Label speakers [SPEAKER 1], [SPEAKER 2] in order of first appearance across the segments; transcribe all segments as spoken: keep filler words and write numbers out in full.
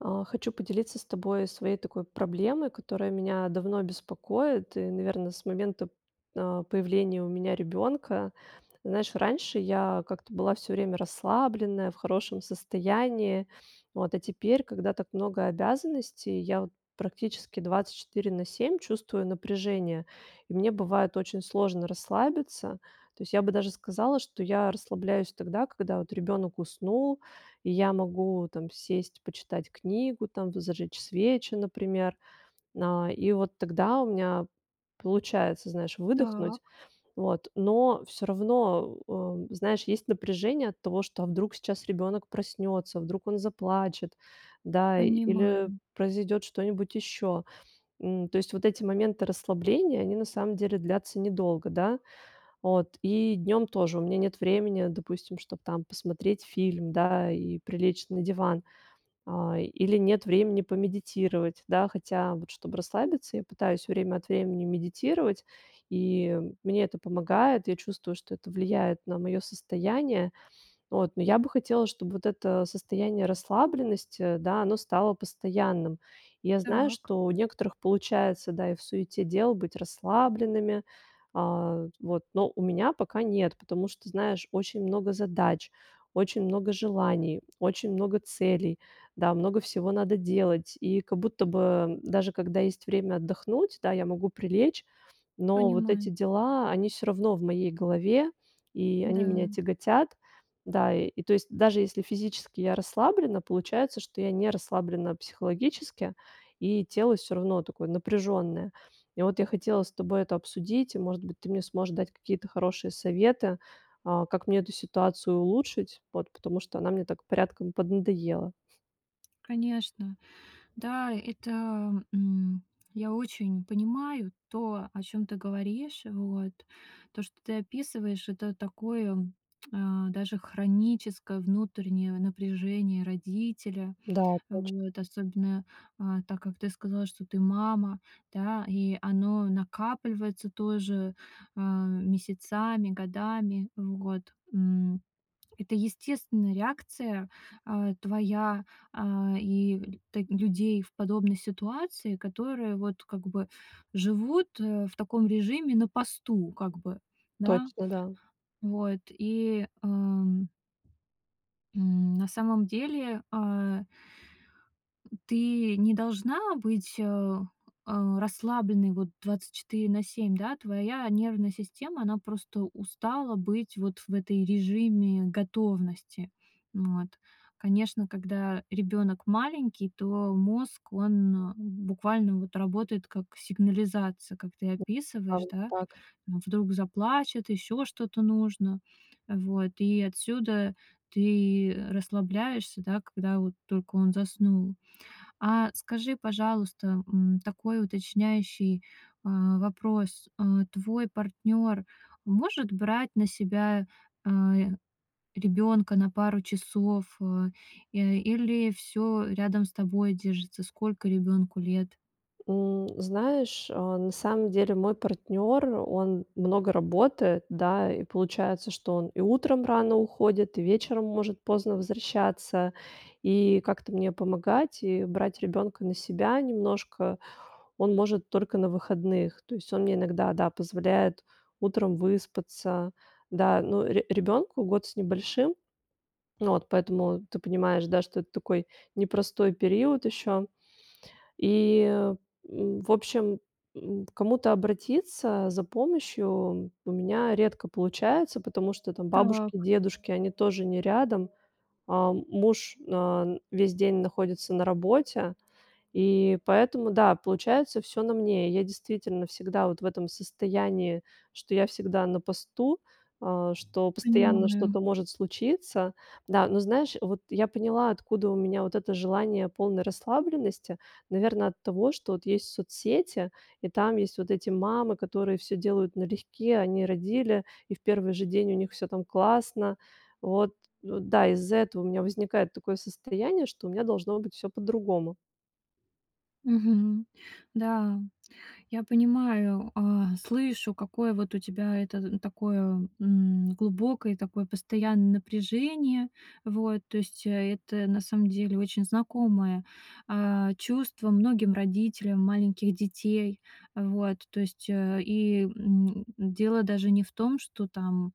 [SPEAKER 1] А хочу поделиться с тобой своей такой проблемой, которая меня давно беспокоит. И наверно, с момента, а, появления у меня ребёнка. Знаешь, раньше я как-то была всё время расслабленная, в хорошем состоянии. Вот, а теперь, когда так много обязанностей, я вот практически двадцать четыре на семь чувствую напряжение, и мне бывает очень сложно расслабиться. То есть, я бы даже сказала, что я расслабляюсь тогда, когда, вот, ребёнок уснул, и я могу, там, сесть почитать книгу, там бы зажечь свечи, например. А, и вот тогда у меня получается, знаешь, выдохнуть.
[SPEAKER 2] Так.
[SPEAKER 1] Вот, но всё равно, э э, знаешь, есть напряжение от того, что, а вдруг сейчас ребёнок проснётся, вдруг он заплачет, да, или
[SPEAKER 2] Понимаем.
[SPEAKER 1] произойдёт что-нибудь ещё. М, то есть, вот эти моменты расслабления, они на самом деле длятся недолго, да. От и днём тоже у меня нет времени, допустим, чтоб, там, посмотреть фильм, да, и прилечь на диван, а, или нет времени помедитировать, да. Хотя, вот, чтобы расслабиться, я пытаюсь время от времени медитировать, и мне это помогает. Я чувствую, что это влияет на моё состояние. От но я бы хотела, чтобы вот это состояние расслабленности, да, оно стало постоянным. Я знаю,
[SPEAKER 2] Так.
[SPEAKER 1] что у некоторых получается, да, и в суете дел быть расслабленными. А вот, но у меня пока нет, потому что знаешь, очень много задач, очень много желаний, очень много целей, да, много всего надо делать. И как будто бы, э, даже когда есть время отдохнуть, да, я могу прилечь, но вот эти
[SPEAKER 2] Понимаю.
[SPEAKER 1] дела, они всё равно в моей голове, и они меня
[SPEAKER 2] М-да.
[SPEAKER 1] тяготят. Да, и, то есть, даже если физически я расслаблена, получается, что я не расслаблена психологически, и тело всё равно такое напряжённое. И, вот, я хотела с тобой это обсудить. И, может быть, ты мне сможешь дать какие-то хорошие советы, а, как мне эту ситуацию улучшить. Вот, потому что она мне так порядком поднадоела.
[SPEAKER 2] Конечно, да, это, м, я очень понимаю то, о чём ты говоришь, вот. То, что ты описываешь, это такое, а, даже хроническое внутреннее в напряжение родителя.
[SPEAKER 1] Да, точ
[SPEAKER 2] Вот, особенно, а, так как ты сказала, что ты мама, да, и оно накапливается тоже, а, месяцами, годами в год. М, это естественная реакция, а, твоя, а, и так людей в подобной ситуации, которые, вот, как бы, живут, э, в таком режиме, на посту, как бы, да.
[SPEAKER 1] Точно, да.
[SPEAKER 2] Вот и, ам м, на самом деле, а ты не должна быть, э э, расслабленной, вот, двадцать четыре на семь, да, твоя нервная система, она просто устала быть вот в этой режиме готовности. М, вот. Конечно, когда ребёнок маленький, то мозг, он буквально, вот, работает как сигнализация, как ты
[SPEAKER 1] Ан
[SPEAKER 2] описываешь, да.
[SPEAKER 1] так.
[SPEAKER 2] Вдруг заплачет, ещё что-то нужно. Вот, и отсюда ты, э, расслабляешься, да, когда вот только он заснул. А, скажи, пожалуйста, м, такой уточняющий, а, вопрос. А твой партнёр может брать на себя, а, й, ребёнка на пару часов, э? Э, или всё рядом с тобой держится? Сколько ребёнку лет?
[SPEAKER 1] М, знаешь, а, на самом деле мой партнёр, он много работает, да. И получается, что он и утром рано уходит, и вечером может поздно возвращаться. И как-то мне помогать и брать ребёнка на себя немножко он может только на выходных. То есть, он мне иногда, да, позволяет утром выспаться. Да, ну, ре ребёнку год с небольшим. Ну вот, поэтому ты понимаешь, да, что это такой непростой период ещё. И, м, в общем, м, к кому-то обратиться за помощью у меня редко получается. Потому что, там, бабушки,
[SPEAKER 2] Так.
[SPEAKER 1] дедушки, они тоже не рядом, а муж, ан весь день находится на работе, и поэтому, да, получается всё на мне. Я, действительно, всегда вот в этом состоянии, что я всегда на посту, а, что постоянно
[SPEAKER 2] Понимаю.
[SPEAKER 1] что-то может случиться. Да, но знаешь, вот я поняла, откуда у меня вот это желание полной расслабленности. Наверно от того, что вот есть соцсети, и там есть вот эти мамы, которые всё делают налегке. Они родили, и в первый же день у них всё, там, классно. Вот, у, да, из-за этого у меня возникает такое состояние, что у меня должно быть всё по-другому.
[SPEAKER 2] Мгм, да, я понимаю, а, слышу, какое вот у тебя это такое, м, глубокое и такое постоянное напряжение. Вот, то есть, это на самом деле очень знакомое, а, чувство многим родителям маленьких детей. Э, вот, то есть, э, и, м, дело даже не в том, что там,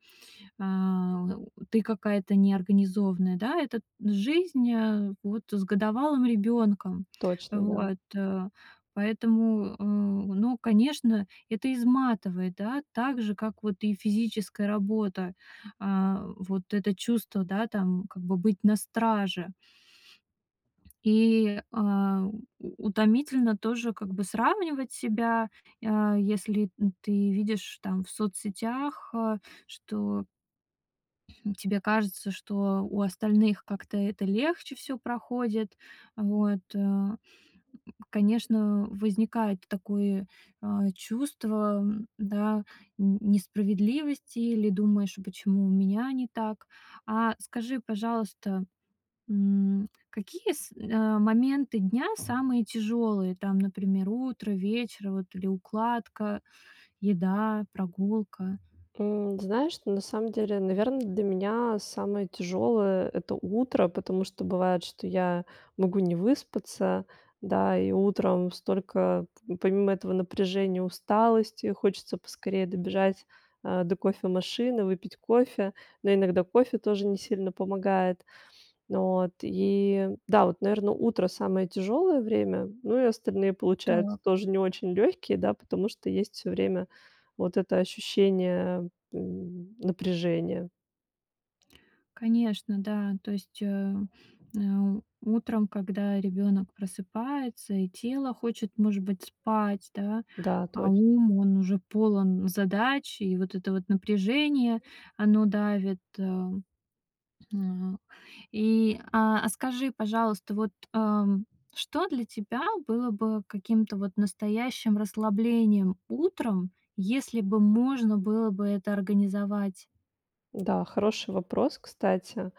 [SPEAKER 2] а, ты какая-то неорганизованная, да. Это т жизнь, э, вот, с годовалым ребёнком.
[SPEAKER 1] Точно, да.
[SPEAKER 2] Вот, э, поэтому, э, ну, конечно, это изматывает, да, так же как вот и физическая работа. А вот это чувство, да, там, как бы быть на страже и, а, у утомительно тоже как бы сравнивать себя, а, если н ты видишь, там, в соцсетях, а что тебе кажется, что у остальных как-то это легче всё проходит вот, а. М, конечно возникает такое, а, чувство, да, н несправедливости или думаешь: а почему у меня не так? А, скажи, пожалуйста, м, какие с а, моменты дня самые тяжёлые, там, например, утро, вечер, вот, или укладка, еда, прогулка?
[SPEAKER 1] М, знаешь, на самом деле, наверно, для меня самое тяжёлое, это утро, потому что бывает, что я могу не выспаться. Да, и утром столько помимо этого напряжения, усталости, хочется поскорее добежать, а, до кофемашины, выпить кофе. Но иногда кофе тоже не сильно помогает. Вот и, да, вот, наверно, утро самое тяжёлое время, ну, и остальные получаются
[SPEAKER 2] Так.
[SPEAKER 1] тоже не очень лёгкие, да, потому что есть всё время вот это ощущение, м, напряжения.
[SPEAKER 2] Конечно, да. То есть, э, э, утром, когда ребёнок просыпается и тело хочет, может быть, спать, да,
[SPEAKER 1] Да,
[SPEAKER 2] а
[SPEAKER 1] точно.
[SPEAKER 2] ум, он уже полон задач, и вот это вот напряжение, оно давит, а. М, и, а, а скажи, пожалуйста, вот, ам, что для тебя было бы каким-то вот настоящим расслаблением утром, если бы можно было бы это организовать?
[SPEAKER 1] Да, хороший вопрос, кстати.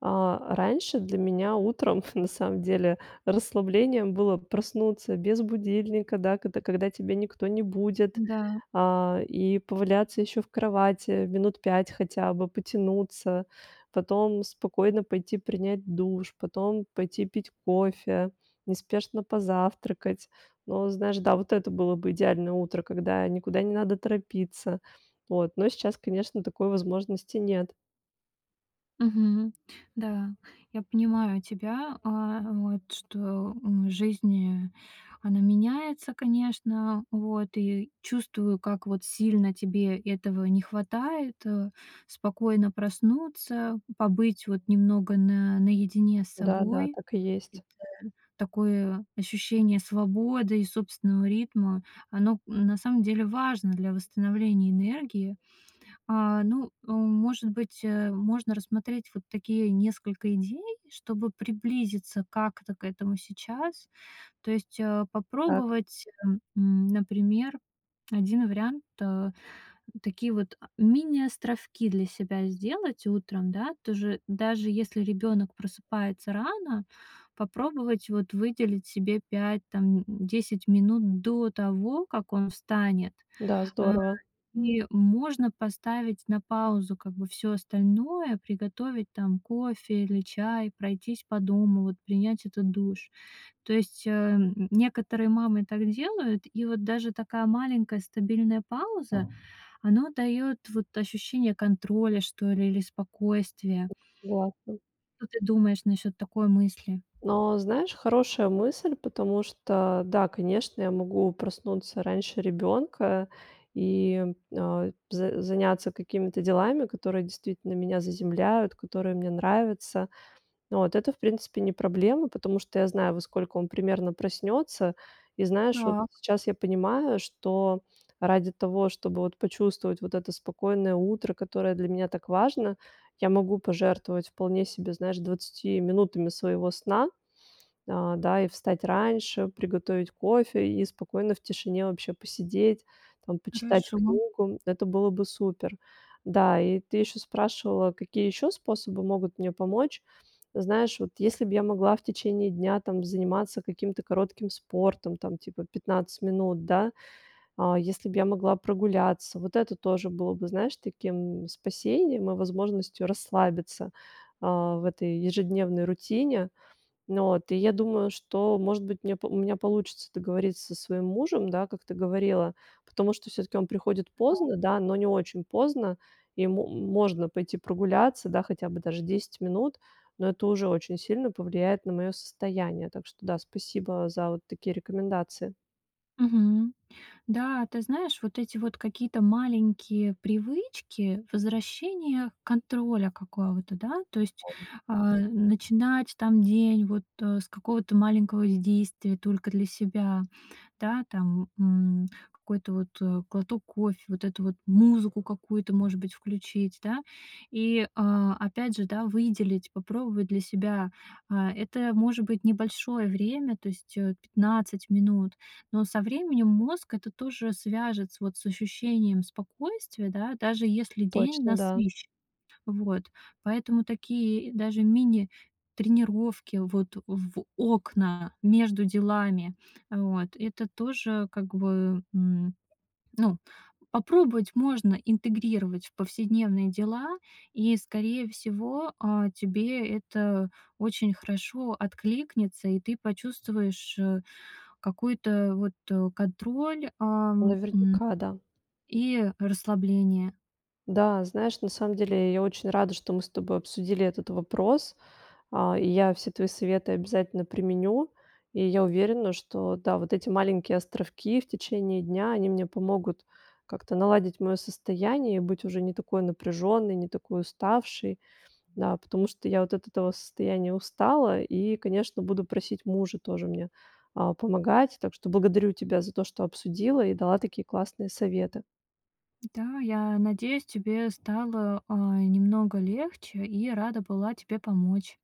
[SPEAKER 1] А, раньше для меня утром, на самом деле, расслаблением было проснуться без будильника, да, когда когда тебе никто не будет.
[SPEAKER 2] Да.
[SPEAKER 1] А, и поваляться ещё в кровати минут пять хотя бы, потянуться, потом спокойно пойти принять душ, потом пойти пить кофе, неспешно позавтракать. Но знаешь, да, вот это было бы идеальное утро, когда никуда не надо торопиться. От, но сейчас, конечно, такой возможности нет.
[SPEAKER 2] Мгм, да, я понимаю тебя, а а, вот что, м, в жизни, она меняется, конечно. Вот, и чувствую, как вот сильно тебе этого не хватает, э, спокойно проснуться, побыть вот немного на наедине с
[SPEAKER 1] Да, да,
[SPEAKER 2] собой.
[SPEAKER 1] так и есть.
[SPEAKER 2] Это такое ощущение свободы и собственного ритма, оно, м, на самом деле важно для восстановления энергии. А, ну, э, может быть, э, можно рассмотреть вот такие несколько идей, чтобы приблизиться как-то к этому сейчас. То есть, э,
[SPEAKER 1] Так.
[SPEAKER 2] попробовать, э, м, например, один вариант: э, такие вот, а, мини-островки для себя сделать утром, да. Тоже, даже если ребёнок просыпается рано, попробовать вот выделить себе пять, там, м, десять минут до того, как он встанет,
[SPEAKER 1] Да,
[SPEAKER 2] а,
[SPEAKER 1] здорово.
[SPEAKER 2] и можно поставить на паузу как бы всё остальное. Приготовить там кофе или чай, пройтись по дому, вот принять этот душ, то есть, э, н некоторые мамы так делают, и вот даже такая маленькая стабильная пауза, оно даёт вот ощущение контроля, что ли, или спокойствия.
[SPEAKER 1] М, согласна.
[SPEAKER 2] Что ты думаешь насчёт такой мысли?
[SPEAKER 1] Но знаешь, хорошая мысль, потому что да, конечно, я могу проснуться раньше ребёнка и, а, за заняться какими-то делами, которые действительно меня заземляют, которые мне нравятся. От, это, в принципе, не проблема, потому что я знаю, во сколько он примерно проснётся. И знаешь, вот
[SPEAKER 2] Так.
[SPEAKER 1] сейчас я понимаю, что ради того, чтобы вот почувствовать вот это спокойное утро, которое для меня так важно, я могу пожертвовать вполне себе, знаешь, двадцатью минутами своего сна. А, да, и встать раньше, приготовить кофе и спокойно в тишине вообще посидеть, там почитать
[SPEAKER 2] Хорошо.
[SPEAKER 1] книгу. Это было бы супер. Да, и ты ещё спрашивала, какие ещё способы могут мне помочь. Знаешь, вот если б я могла в течение дня там заниматься каким-то коротким спортом, там типа пятнадцать минут, да. А если б я могла прогуляться, вот это тоже было бы, знаешь, таким, м, спасением и возможностью расслабиться, а, в этой ежедневной рутине. Ну, от, и я думаю, что, может быть, меня у меня получится договориться со своим мужем, да, как ты говорила. Потому что всё-таки он приходит
[SPEAKER 2] Ну да.
[SPEAKER 1] поздно, да, но не очень поздно. Ему, м можно пойти прогуляться, да, хотя бы даже десять минут. Но это уже очень сильно повлияет на моё состояние. Так что да, спасибо за вот такие рекомендации.
[SPEAKER 2] Мгм, да, ты знаешь, вот эти вот какие-то маленькие привычки возвращения контроля какого-то, да. То есть,
[SPEAKER 1] [unintelligible]
[SPEAKER 2] а, начинать, там, день вот, э, с какого-то маленького с действия только для себя, да. Там, м, какой-то вот, э, глоток кофе, вот эту вот музыку какую-то, может быть, включить, да. И, а, опять же, да, выделить, попробовать для себя. А, это может быть небольшое время, то есть, э, пятнадцать минут, но со временем мозг это тоже свяжет с, вот, с ощущением спокойствия, да, даже если день
[SPEAKER 1] Точно, да.
[SPEAKER 2] насыщен. Вот, поэтому такие и даже мини-тренировки, вот, в окна между делами, вот это тоже, как бы, м, ну, попробовать можно интегрировать в повседневные дела. И, скорее всего, а, тебе это очень хорошо откликнется, и ты почувствуешь, э, какой-то, э, вот, э, контроль, ам, м,
[SPEAKER 1] Наверняка, да.
[SPEAKER 2] и расслабление.
[SPEAKER 1] Да, знаешь, на самом деле, я очень рада, что мы с тобой обсудили этот вопрос. А, и я все твои советы обязательно применю. И я уверена, что, да, вот эти маленькие островки в течение дня, они мне помогут как-то наладить моё состояние. Быть уже не такой напряжённой, не такой уставшей, да, потому что я вот от этого состояния устала. И, конечно, буду просить мужа тоже мне, а, помогать. Так что благодарю тебя за то, что обсудила и дала такие классные советы.
[SPEAKER 2] Да, я надеюсь, тебе стало, а, э, немного легче, и рада была тебе помочь.